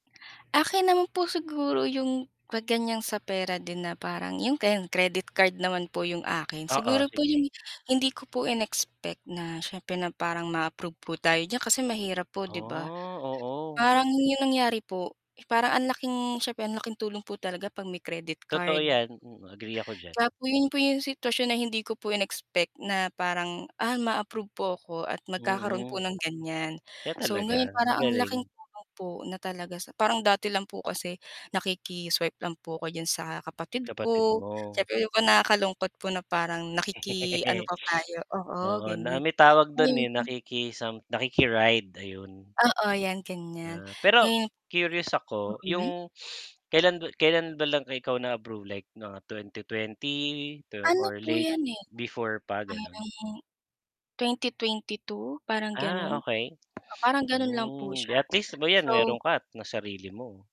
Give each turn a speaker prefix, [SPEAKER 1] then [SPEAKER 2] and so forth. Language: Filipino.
[SPEAKER 1] Akin naman po, siguro 'yung, 'pag ganyan sa pera din, na parang 'yung ganyan. Credit card naman po 'yung akin.
[SPEAKER 2] Oo,
[SPEAKER 1] Siguro po
[SPEAKER 2] sige.
[SPEAKER 1] 'yung hindi ko po in-expect na syempre, na parang maa-approve po tayo diyan kasi mahirap po, 'di ba?
[SPEAKER 2] Ah, oo.
[SPEAKER 1] Parang 'yung nangyari po, parang ang laking siya, ang laking tulong po talaga 'pag may credit
[SPEAKER 2] Totoo
[SPEAKER 1] card.
[SPEAKER 2] 'yan, mhm, agree ako diyan.
[SPEAKER 1] 'Tsaka 'yun po 'yung sitwasyon na hindi ko po in-expect na parang, ah, ma-approve po ako at magkakaroon
[SPEAKER 2] Hmm
[SPEAKER 1] po ng ganyan.
[SPEAKER 2] kaya
[SPEAKER 1] So
[SPEAKER 2] talaga
[SPEAKER 1] ngayon, parang ang
[SPEAKER 2] magaling.
[SPEAKER 1] laking tulong po na talaga. Sa parang dati lang po kasi, nakiki-swipe lang po ako diyan sa kapatid
[SPEAKER 2] Kapatid
[SPEAKER 1] ko.
[SPEAKER 2] mo.
[SPEAKER 1] Siyempre, ako, nakakalungkot po na parang nakiki-ano pa tayo. Oo,
[SPEAKER 2] Oo. Na
[SPEAKER 1] ganyan
[SPEAKER 2] may tawag doon,
[SPEAKER 1] ayon.
[SPEAKER 2] eh, nakiki-sam nakiki-ride, ayun.
[SPEAKER 1] Oo, 'yan ganyan
[SPEAKER 2] Ah, pero
[SPEAKER 1] hmm,
[SPEAKER 2] curious ako,
[SPEAKER 1] mhm.
[SPEAKER 2] 'yung kailan-kailan ba lang ikaw na-approve? Like mga 2020.
[SPEAKER 1] Ano
[SPEAKER 2] Or
[SPEAKER 1] po
[SPEAKER 2] late
[SPEAKER 1] 'yan, eh,
[SPEAKER 2] before pa, gano'n?
[SPEAKER 1] parang. 2022, parang
[SPEAKER 2] Ah,
[SPEAKER 1] ganun,
[SPEAKER 2] okay.
[SPEAKER 1] oo, parang gano'n lang po
[SPEAKER 2] Hmm,
[SPEAKER 1] siya,
[SPEAKER 2] at least, 'di ba, 'yan
[SPEAKER 1] So.
[SPEAKER 2] mayoron ka at na sarili mo.